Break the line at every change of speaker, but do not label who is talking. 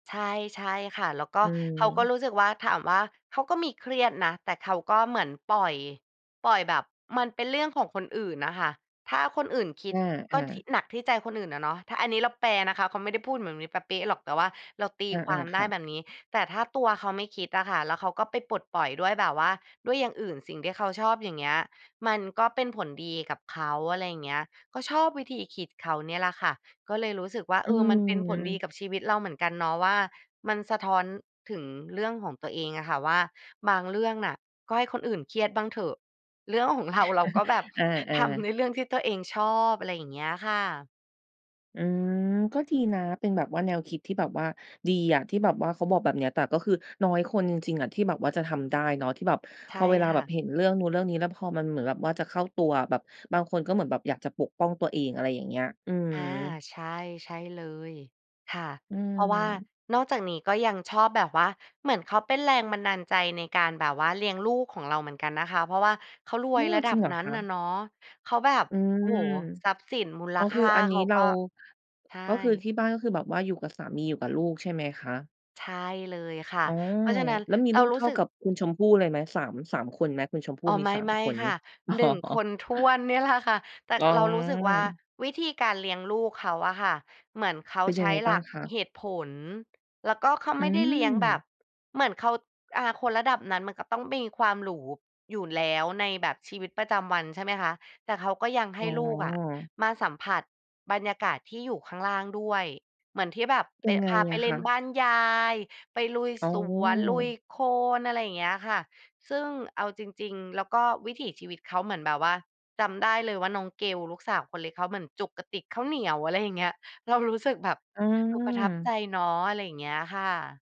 ใช่ ๆ ค่ะ แล้วก
อ
็
ื
เขาก
ม
็รู้สึกว่า ถามว่าเขาก็มีเครียดนะ แต่เขาก็เหมือนปล่อย ปล่อยแบบมันเป็นเรื่องของคนอื่นน่ะค่ะ ถ้าคนอื่นคิด
อ
ก็
า
ที่
ๆ
หนักที่ใจคนอื่นอะเนาะ ถ้าอันนี้เราแปลนะคะ เขาไม่ได้พูดเหมือนแบบนี้เป๊ะ ๆ หรอก แต่ว่าเราตี
อา
ความ
ๆ
ไ
ค
ด้
่ะ
แบบนี้ แต่ถ้าตัวเขาไม่คิดอะค่ะ แล้วเขาก็ไปปลดปล่อยด้วยแบบว่า ด้วยอย่างอื่น สิ่งที่เขาชอบ อย่างเงี้ย มันก็เป็นผลดีกับเขา อะไรอย่างเงี้ย ก็ชอบวิธีคิดเขาเนี่ยแหละค่ะ ก็เลยรู้สึกว่า
อ
เ
ื
ออ มันเป็นผลดี
ม
กับชีวิตเราเหมือนกันเนาะว่า มันสะท้อนถึงเรื่องของตัวเองอะค่ะว่า บางเรื่องน่ะก็ให้คนอื่นเครียดบ้างเถอะ เรื่องของ เรา เราก็แบบ
เออ
ทำใ
ๆ
นเรื่องที่ตัวเอง ชอบ อะไรอย่างเงี้ยค่ะ
อืม ก็ดีนะเป็นแบบว่าแนวคิดที่แบบว่าดีอะ ที่แบบว่าเขาบอกแบบเนี้ย แต่ก็คือน้อยคนจริง ๆ อะที่แบบว่าจะทำได้เนาะ ที่แบบ
ใช
พ
่
อเวลา
ค
แบ
่
บ
ะ
เห็นเรื่องนู้นเรื่องนี้ แล้วพอมันเหมือนแบบว่าจะเข้าตัว แบบบางคนก็เหมือนแบบอยากจะปกป้องตัวเอง อะไรอย่างเงี้ย อืม
อา ใช่ ใช่เลย ค่ะ
อื
เพราะว่า
ม
นอกจากนี้ก็ยังชอบแบบว่า เหมือนเขาเป็นแรงบันดาลใจในการแบบว่าเลี้ยงลูกของเราเหมือนกันนะคะ เพราะว่าเขาร
อ
ว
ื
ย
ม
ระด
จ
ั
ริ
บ
งเหรอ
นั้
ค
น
ะ?
น่ะเนาะ เขาแบบ
อื
โอ้โ
ม
ฮ ทรัพย์สินมูล
อ๋อ
ค
คื
่
อ
า
อันน
เ
ี
ข
้
า
เร
ก
า
็ ใช่
ก็คือที่บ้าน ก็คือแบบว่าอยู่กับสามี อยู่กับลูกใช่ไหมคะ?
ใช่เลยค่ะ
อ๋อ
เพราะฉะนั้น
แล้วมี
เร
ล
า
ูก
ร
เ
ู
ท
้
่า
สึก
กับคุณชมพู่เลยไหม 3 3 คนไหม คุณชมพู่
อ๋อ
มี
ไ
3
ม่
คนใ
ๆ
ช
ค
่ไ
่
หม?
ะ
อ๋อ
1 คนถ้วนเนี่ยแหละค่ะ แต่
อ๋
เรารู้สึกว่า
อ
วิธีการเลี้ยงลูกเขาอะค่ะ เหมือนเขา
เป็น
ใ
ยั
ช
งไ
้
ง
ห
บ
ล
้า
ั
ง
ก
คะ?
เหตุผล แล้วก็เขา
อื
ไม่ได้เลี้ยงแบบ
ม
เหมือนเขา อ่า คนระดับนั้น มันก็ต้องมีความหรูอยู่แล้วในแบบชีวิตประจำวัน ใช่ไหมคะ แต่เขาก็ยังใ
อ
ห
๋
้ลูกอะ
อ
มาสัมผัสบรรยากาศที่อยู่ข้างล่างด้วย เหมือนที่แบบไป
ยังไง
พาไป
อะ
เล
ค
่นบ
ะ?
้านยาย ไปลุย
อ๋อ
สวน ลุยโคลน อะไรอย่างเงี้ยค่ะ ซึ่งเอาจริง ๆ แล้วก็วิถีชีวิตเขาเหมือนแบบว่า จำได้เลยว่า น้องเกลลูกสาวคนเล็กเขาเหมือนจกกระติกข้าวเหนียว อะไรอย่างเงี้ย เรารู้สึกแบบ
อื
เออ ประทับใจ
ม
เนาะ อะไรอย่างเงี้ยค่ะ